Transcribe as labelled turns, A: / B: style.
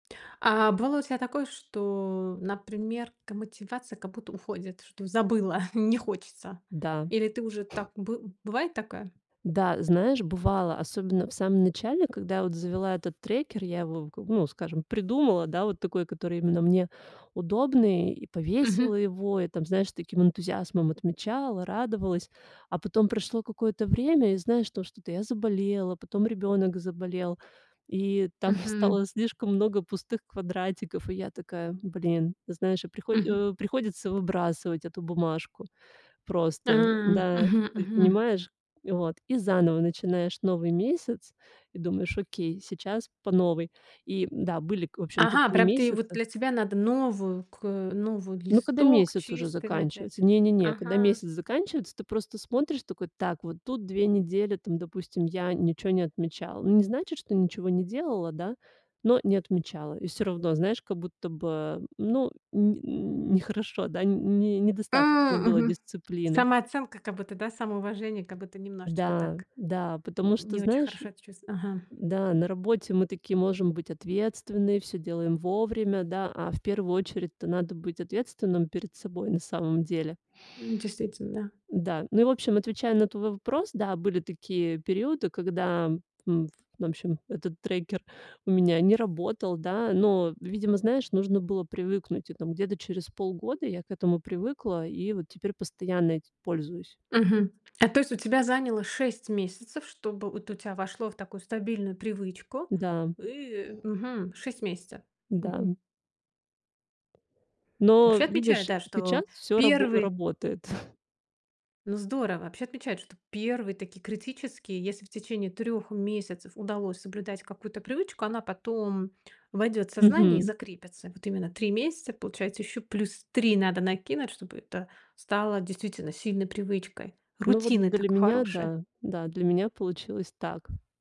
A: А бывало у тебя такое, что, например, к мотивация как будто уходит, что забыла, не хочется?
B: Да.
A: Или ты уже так бы бывает такая?
B: Да, знаешь, бывало, особенно в самом начале, когда я вот завела этот трекер, я его как бы, ну, скажем, придумала, да, вот такой, который именно мне удобный, и
A: Мгм.
B: повесила его, и там, знаешь, с таким энтузиазмом отмечала, радовалась. А потом прошло какое-то время, и, знаешь, то что-то я заболела, потом ребёнок заболел, и там
A: Мгм.
B: стало слишком много пустых квадратиков. И я такая: "Блин". Знаешь, и приходь
A: Мгм.
B: о приходится выбрасывать эту бумажку
A: А,
B: просто. Да, ты
A: мгм,
B: ведь
A: мгм.
B: понимаешь, и вот, и заново начинаешь новый месяц и думаешь: "Окей, сейчас по новой". И да, были, в общем-то,
A: Ага,
B: такие
A: прям ты, вот,
B: месяцы
A: для тебя надо новую к э, новую
B: Но когда
A: листок
B: месяц уже
A: чистый начать,
B: заканчивается,
A: а,
B: не-не-не, когда
A: ага.
B: месяц заканчивается, ты просто смотришь такой: "Так, вот тут 2 недели, там, допустим, я ничего не отмечала". Ну, не значит, что ничего не делала, да, но не отмечала. И всё равно, знаешь, как будто бы, ну, нь нехорошо, да, нь не недостаточно
A: М,
B: было
A: мгм.
B: дисциплины.
A: Самооценка как будто, да, самоуважение как будто немножечко
B: Да,
A: так,
B: да,
A: нь
B: потому что,
A: не очень
B: знаешь,
A: хорошо это чувство. Ага.
B: да, на работе мы такие можем быть ответственные, всё делаем вовремя, да, а в первую очередь-то надо быть ответственным перед собой на самом деле.
A: М, действительно, да.
B: Да, ну и, в общем, отвечаю на твой вопрос, да, были такие периоды, когда, м В общем, этот трекер у меня не работал, да. Но, видимо, знаешь, нужно было привыкнуть. И там где-то через полгода я к этому привыкла и вот теперь постоянно этим пользуюсь.
A: Мгм, а то есть у тебя заняло 6 месяцев, чтобы вот у тебя вошло в такую стабильную привычку.
B: Да.
A: Ы, мгм, 6 месяцев, мгм.
B: Да-м. Но,
A: Вообще отмечают,
B: видишь,
A: да,
B: сейчас
A: что
B: всё рабо
A: 1.
B: работает.
A: Ну, здорово. Вообще отмечают, что первый такие критический. Если в течение 3 месяцев удалось соблюдать какую-то привычку, она потом войдёт в сознание и
B: Мгм.
A: закрепится. Вот именно 3 месяца, получается, ещё плюс 3 надо накинуть, чтобы это стало действительно сильной привычкой,
B: Ну,
A: рутины,
B: вот для
A: так,
B: меня,
A: хорошее.
B: да, да, для меня получилось так.